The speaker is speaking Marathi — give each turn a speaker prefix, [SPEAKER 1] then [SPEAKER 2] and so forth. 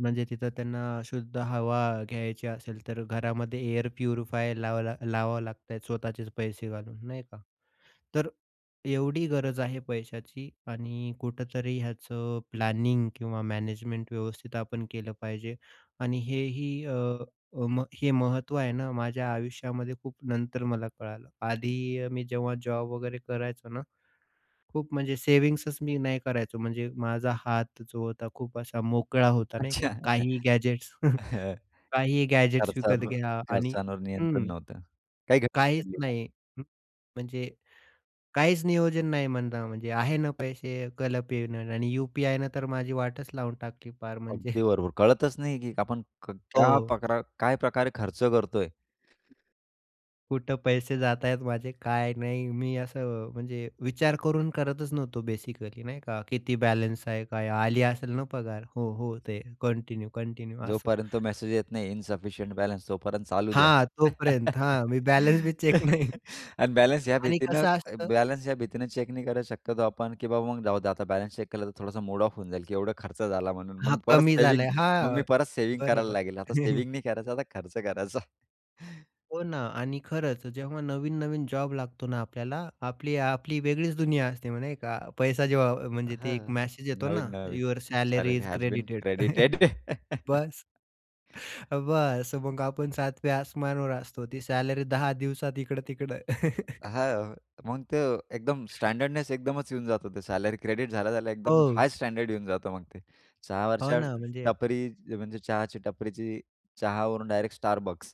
[SPEAKER 1] म्हणजे तिथं त्यांना शुद्ध हवा घ्यायची असेल तर घरामध्ये एअर प्युरिफायर लावला लावावं लागतंय. स्वतःचेच पैसे घालून, नाही का? तर एवढी गरज आहे पैशाची आणि कुठेतरी ह्याचं प्लॅनिंग किंवा मॅनेजमेंट व्यवस्थित आपण केलं पाहिजे आणि हे ही अ, अ, मग हे महत्त्व आहे ना, माझ्या आयुष्यामध्ये खूप नंतर मला कळालं. आधी अ, मी जेव्हा जॉब वगैरे करायचो ना, खूप म्हणजे सेव्हिंग्सच मी नाही करायचो. म्हणजे माझा हात जो होता खूप असा मोकळा होता नाही
[SPEAKER 2] अच्छा.
[SPEAKER 1] का?
[SPEAKER 2] हं,
[SPEAKER 1] काहीही गॅजेट्स,
[SPEAKER 2] हं.
[SPEAKER 1] काहीही गॅजेट्स विकत
[SPEAKER 2] खर्चावर
[SPEAKER 1] घ्या, आणि
[SPEAKER 2] खर्चांवर नियंत्रण
[SPEAKER 1] हं,
[SPEAKER 2] नव्हतं. काही घटना
[SPEAKER 1] काहीच
[SPEAKER 2] घडलीये का?
[SPEAKER 1] नाही. म्हणजे काहीच नियोजन नाही म्हणता म्हणजे आहे ना पैसे? केलं पेमेंट आणि यू-पी-आयनं तर माझी वाटच लावून टाकली पार
[SPEAKER 2] अगदी
[SPEAKER 1] म्हणजे.
[SPEAKER 2] बरोबर. कळतंच नाही की आपण क क्या
[SPEAKER 1] हो.
[SPEAKER 2] प्रक काय प्रकारे खर्च करतोय?
[SPEAKER 1] कुठे पैसे जातायत माझे काय नाही. मी असं म्हणजे विचार करून करतच नव्हतो बेसिकली, नाही का? किती बॅलन्स आहे? काय आली असेल ना पगार? हो हो. ते कंटिन्यू, कंटिन्यू असं.
[SPEAKER 2] जोपर्यंत तो मेसेज येत नाही इन्सफिशियंट बॅलन्स, तोपर्यंत चालू द्या
[SPEAKER 1] हां तोपर्यंत हां, मी बॅलन्स बी चेक नाही
[SPEAKER 2] आणि बॅलन्स ह्या
[SPEAKER 1] आणि
[SPEAKER 2] भीतीनं
[SPEAKER 1] कसं असतं?
[SPEAKER 2] बॅलन्स ह्या भीतीनं चेक नाही करत शक्यतो आपण की बाबा मग जाऊ दे आता बॅलन्स चेक केला तर थोडासा मूड ऑफ होऊन जाईल, की एवढा खर्च झाला म्हणून.
[SPEAKER 1] हां.
[SPEAKER 2] मग परत
[SPEAKER 1] कमी
[SPEAKER 2] सेव्हिंग
[SPEAKER 1] झालाय
[SPEAKER 2] मग मी
[SPEAKER 1] हां.
[SPEAKER 2] परत सेव्हिंग करायला
[SPEAKER 1] बरोबर.
[SPEAKER 2] लागेल. आता सेव्हिंग नाही करायचा आता खर्च करायचा.
[SPEAKER 1] हो ना, आणि खरंच जेव्हा नवीन-नवीन जॉब लागतो ना, आपल्याला, आपली-आपली वेगळीच दुनिया असते मग, नाही का? पैसा जेव्हा म्हणजे ते
[SPEAKER 2] हां.
[SPEAKER 1] एक मेसेज येतो ना,
[SPEAKER 2] नवीन-नवीन.
[SPEAKER 1] Your salary
[SPEAKER 2] salary
[SPEAKER 1] is
[SPEAKER 2] has been
[SPEAKER 1] credited
[SPEAKER 2] credited.
[SPEAKER 1] बस. बस मग आपण सातव्या आसमानावर असतो. ती सॅलरी 10 दिवसात इकडं-तिकडं.
[SPEAKER 2] हां. मग तर एकदम स्टँडर्डनेस एकदमच येऊन जातो ते सॅलरी क्रेडिट झाल्या-झाल्या एकदम
[SPEAKER 1] हो.
[SPEAKER 2] हाय स्टँडर्ड येऊन जातो मग ते.
[SPEAKER 1] हो
[SPEAKER 2] चहावरच्या
[SPEAKER 1] ना. म्हणजे
[SPEAKER 2] टपरी म्हणजे चहाची टपरीची चहावरून डायरेक्ट Starbucks.